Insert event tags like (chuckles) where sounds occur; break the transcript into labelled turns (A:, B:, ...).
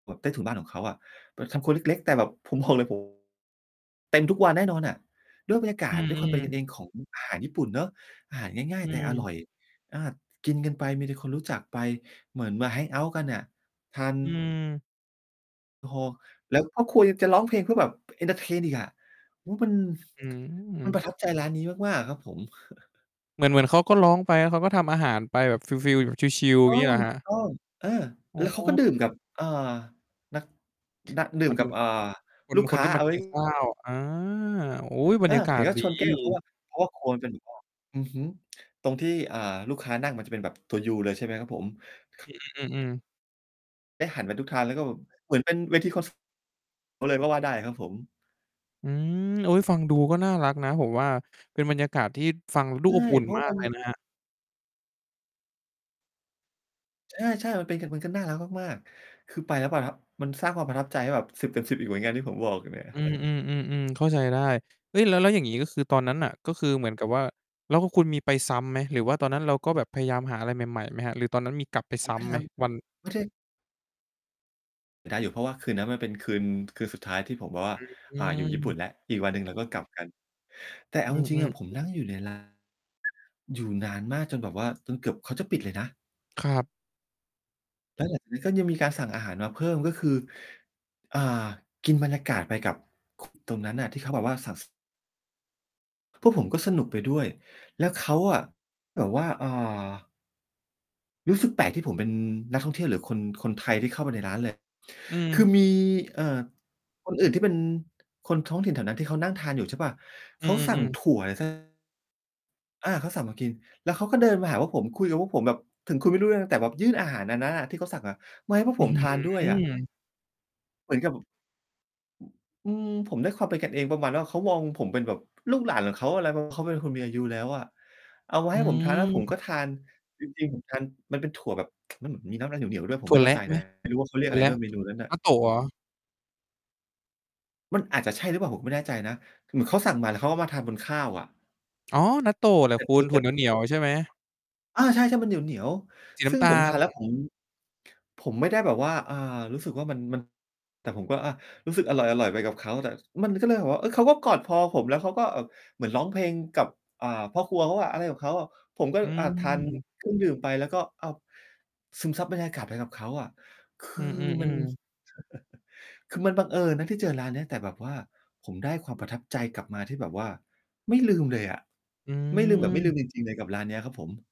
A: แบบใต้ถุนบ้านของเขาอะ ป ทำครัวเล็ก ๆ แต่แบบ ผมบอกเลย โอ้ เต็มทุกวันแน่นอนอะ ด้วยบรรยาก
B: อื
A: าศด้วยความ
B: อ
A: เป็นกั
B: ๆ
A: นเองของอาหารญี่ปุ่นเนาะ อาหารง่าย
B: อื
A: ๆ แต่อ
B: ม
A: ร่อย อา กินกันไปมีแต่คนรู้จักไป เหมือนมา แฮงเอาต์ กันน่ะ ทาน
B: อืม
A: โอ้โฮ แล้วพ่อครัวยังจะร้องเพลงเพื่อแบบเอนเทอร์เทนอีกอะ มันเป็น
B: อื
A: (smacks lips) มั
B: ม
A: นประทับใจร้านนี้มาก ๆ อะครับผม (chuckles)
B: เหมือน เหมือนเขาก็ร้องไปแล้วเขาก็ทำอาหารไปแบบฟีล ๆ ชิล ๆ อย
A: ต
B: ่
A: ้อ
B: างงี้
A: ง
B: เหรอครับ?
A: ต้อง เออ
B: อ๋
A: แล้วเขาก็
B: อ
A: ดื่มกับ เอ่อ นัก
B: (unintelligible)
A: นักดื่มกับ เอ่อ
B: คน
A: ลูก
B: ค
A: ค
B: น
A: ้า
B: ที่ม
A: เอ
B: า
A: า ไ
B: ก
A: ว
B: ิ
A: ้
B: นข้าว อา อุ๊ย บร
A: อา
B: รยากา
A: เห็
B: ศ
A: นเขา
B: ดี
A: ชน แก้ว เพราะว่า เพราะว่าครัวมันเป็นแบบว่า อือฮึ ตรงที่ อ่า ลูกค้านั่งมันจะเป็นแบบตัวยูเลยใช่ไหมครับผม?
B: อือ ๆ ๆ อือ
A: ได้หันไปทุกทางแล้วก็แบบ เหมือนเป็นเวที คอน ส เลยก็ว่าได้ครับผม
B: อืม โอ๊ย ฟังดูก็น่ารักนะผมว่า เป็นบรรยากาศที่ฟังดู
A: ใช
B: อ
A: ่
B: บอุ่น
A: เพราะ
B: ม
A: ว่
B: า
A: า
B: ก
A: มัน
B: เลยนะครับ
A: ใช่ ๆ มันเป็น มันก็น่ารักมาก ๆ คือไปแล้วประทับ มันสร้างความประทับใจให้แบบ 10/10 อีกเหมือนกันที่ผมบอกอยู่เนี่ย
B: อืม อื
A: (chuckles)
B: อ ๆ ๆ เข้าใจได้ เฮ้ย แล้ว แล้วอย่างงี้ ก็คือตอนนั้นน่ะ ก็คือเหมือนกับว่า แล้วคุณมีไปซ้ำไหม หรือว่าตอนนั้นเราก็แบบพยายามหาอะไรใหม่ ๆ ไหมครับ หรือตอนนั้นมีกลับไป
A: ผ
B: ซ
A: ม
B: ้
A: ไม่
B: ำไ
A: ท
B: หม วัน
A: ำ ไม่ใช่ ได้อยู่เพราะว่าคืนนั้นมันเป็นคืน คืนสุดท้ายที่ผมแบบว่า
B: อื
A: อ่า อยู่ญี่ปุ่
B: ม
A: นแล้ว อีกวันหนึ่งเราก็กลับกัน แต่เอ
B: อ
A: า
B: ื
A: จ
B: อ ๆ
A: ริ
B: อื
A: ง ๆ อะผม
B: อ
A: นั่งอยู่ใน ลาน อยู่นานมากจนแบบว่า จนเกือบเขาจะปิดเลยนะ
B: ครับ
A: แล้วหลัง จากนั้นก็ยังมีการสั่งอาหารมาเพิ่ม ก็คือ อ่า กินบรรยากาศไปกับ ค ตรงนั้นน่ะที่เขาแบบว่าสั่ง ส พวกผมก็สนุกไปด้วย แล้วเขาอะ แบบว่า อ่า รู้สึกแปลกที่ผมเป็นนักท่องเที่ยวหรือคน คนไทยที่เข้าไปในร้าน เลย
B: อ
A: ค
B: ื
A: ื
B: ม
A: อมี เอ่อ คนอื่นที่เป็นคนท้องถิ่นแถวนั้นที่เขานั่งทานอยู่ใช่เปล่า
B: อ
A: เ
B: ื
A: ขาสั่ง
B: อ ๆ
A: ถ
B: ๆ
A: ั่วอะไร สัก อา เขาสั่งมากิน แล้วเขาก็เดินมาหาพวกผม คุยกับพวกผมแบบถึงคุยไม่รู้เรื่อง แต่แบบยื่นอาหารอันนั้นอะที่เขาสั่งอะ มาให้พวก
B: อื้
A: ผ
B: อ
A: ม
B: ฮ
A: ท
B: ื
A: านด้วยอะ
B: อ
A: เหมือนกับ อืม ผมได้ความเป็นกันเองประมาณว่า เขามองผมเป็นแบบลูกหลานของเขา อะไร เพราะเขาเป็นคนมีอายุแล้วอะ เอามา
B: อ
A: ให
B: ื
A: ้ผมทานแล้วผม
B: ม
A: ก็ทาน จริง ๆ ผมทาน มันเป็นถั่วแบบ มันเหมือนมีน้ำอะไรเหนียว ๆ ด้วย ผ
B: ถ
A: ม
B: ั
A: ไ
B: ่
A: ม่
B: ว
A: เข
B: แ
A: ้
B: ร
A: าใจ
B: ะไห
A: น
B: ม
A: ะ ไม่รู้ว่าเขาเรีย
B: ถ
A: ก
B: ั่
A: อ
B: ว
A: ะไร
B: แร
A: ด้
B: ะ
A: วยเมนูนั้นน่
B: น
A: ะ
B: ัตโตะเหรอ?
A: มันอาจจะใช่หรือเปล่า ผมไม่แน่ใจนะ เหมือนเขาสั่งมา แล้วเขาก็มาทานบนข้าวอะ
B: อ๋อ นัตโตะแหล
A: เ
B: ะ
A: ป็น
B: ค
A: ต
B: ุ
A: ู
B: ณ
A: เ
B: ถ
A: ต
B: ั่
A: ็
B: ว
A: บ
B: เหนียว ๆ ใช่ไหม?
A: อา ใช่ ๆ มันเหนียว
B: สีน
A: ๆ ซ
B: ้
A: ึ่ง
B: ำตา
A: ผมทานแล้ว
B: ล
A: ผม ผมไม่ได้แบบว่า อ่า รู้สึกว่ามัน มัน แต่ผมก็ อา รู้สึกอร่อย ๆ ไปกับเขา แต่ มันก็เลยแบบว่า เฮ้ย เขาก็กอดพอผมแล้วเขาก็เหมือนร้องเพลงกับ อ่า พ่อครัวเขาอะ อะไรกับเขาอะ ผมก็
B: อื
A: อjา ทาน
B: ม
A: เครื่อง ดื่มไป แล้วก็เอา ซึมซับบรรยากาศไปกับเขาอะ ค
B: อ
A: ื
B: ื
A: อมัน
B: อ ๆ ๆ
A: (chuckles) คือมันบังเอิญนะที่เจอร้านเนี้ย แต่แบบว่าผมได้ความประทับใจกลับมาที่แบบว่าไม่ลืมเลยอะ
B: อื
A: ไม่ลืมแบบไม่ลื
B: ม
A: มจริง ๆ เลยกับร้านนี้ครับผม